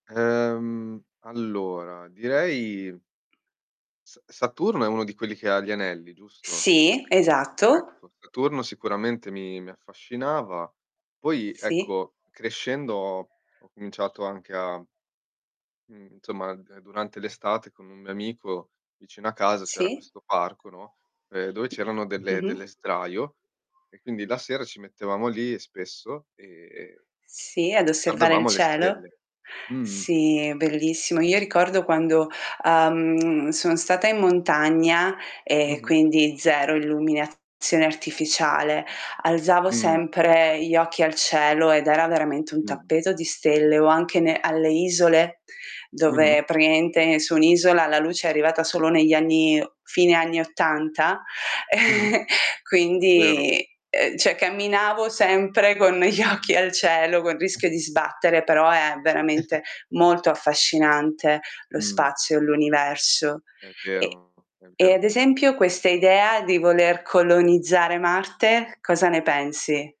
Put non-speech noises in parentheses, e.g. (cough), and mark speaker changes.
Speaker 1: Ehm, allora, direi Sa Saturno è uno di quelli che ha gli anelli, giusto?
Speaker 2: Sì, esatto.
Speaker 1: Ecco, Saturno sicuramente mi mi affascinava. Poi,
Speaker 2: Sì.
Speaker 1: ecco, crescendo ho cominciato anche a Mhmm, insomma, ehm, durante l'estate, con un mio amico, vicino a casa, c'era
Speaker 2: Sì.
Speaker 1: questo parco, no, ehm, dove c'erano delle
Speaker 2: Mh-mh.
Speaker 1: delle sdraio e quindi la sera ci mettevamo lì spesso, e
Speaker 2: Sì, ad
Speaker 1: e
Speaker 2: osservare il
Speaker 1: guardavamo alle
Speaker 2: cielo.
Speaker 1: stelle. Mh-mh.
Speaker 2: Sì, è bellissimo. Io ricordo quando, uhm, sono stata in montagna, e
Speaker 1: Mh-mh.
Speaker 2: quindi 0 illuminazione artificiale, alzavo
Speaker 1: Mh.
Speaker 2: sempre gli occhi al cielo ed era veramente un
Speaker 1: Mh-mh.
Speaker 2: tappeto di stelle o anche ne alle isole,
Speaker 1: Mh-mh.
Speaker 2: dove praticamente su un'isola la luce è arrivata solo negli anni fine anni '80.
Speaker 1: Mh-mh.
Speaker 2: (chuckles)
Speaker 1: È vero.
Speaker 2: Quindi, ehm, cioè camminavo sempre con gli
Speaker 1: Mh.
Speaker 2: occhi al cielo, col
Speaker 1: Mh.
Speaker 2: rischio di sbattere, però è
Speaker 1: (chuckles)
Speaker 2: veramente molto affascinante lo
Speaker 1: Mh.
Speaker 2: spazio e l'universo.
Speaker 1: È
Speaker 2: E
Speaker 1: vero, è
Speaker 2: e
Speaker 1: vero.
Speaker 2: ad esempio questa idea di voler colonizzare Marte, cosa ne pensi?